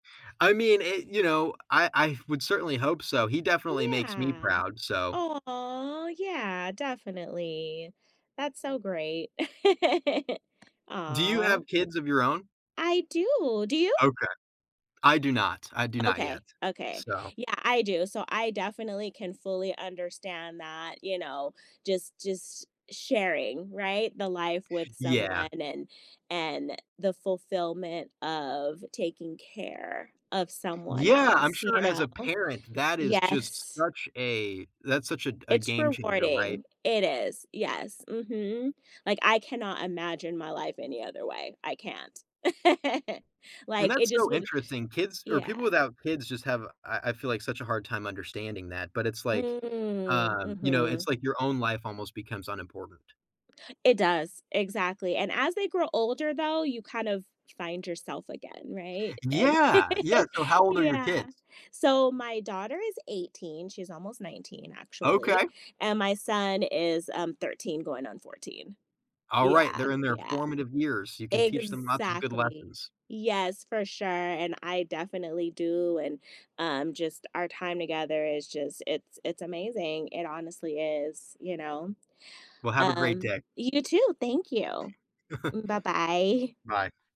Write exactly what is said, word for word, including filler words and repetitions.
I mean it You know, I I would certainly hope so, he definitely makes me Yeah. proud, so. Aw, yeah, definitely, that's so great. Do you Aw. have kids of your own? I do. Do you? Okay. I do not. I do not yet, Okay, okay. so. Yeah, I do. So I definitely can fully understand that, you know, just just sharing, right? The life with Yeah. someone, and and the fulfillment of taking care of someone Yeah, I'm else, sure you as know? a parent, that is just Yes. such a that's such a a It's game changer, right? rewarding, it is, yes, mhm, like, I cannot imagine my life any other way, I can't, And like, it that's just so would interesting. Kids or people Yeah. without kids just have I I feel like such a hard time understanding that, but it's like, Mm, um, you know mhm. it's like your own life almost becomes unimportant. It does, exactly, and as they grow older, though, you kind of find yourself again, right, and Yeah, yeah. So how old are your Yeah. kids? So my daughter is eighteen, she's almost nineteen actually, Okay. and my son is, um, thirteen going on fourteen. All right, Yeah, they're in their yeah. formative years, you can teach them lots of good Exactly, lessons. yes, for sure, and I definitely do, and, um, just our time together is just it's it's amazing, it honestly is, you know? Well, have a great Um, day. you too. Thank you. M Bye-bye. Bye.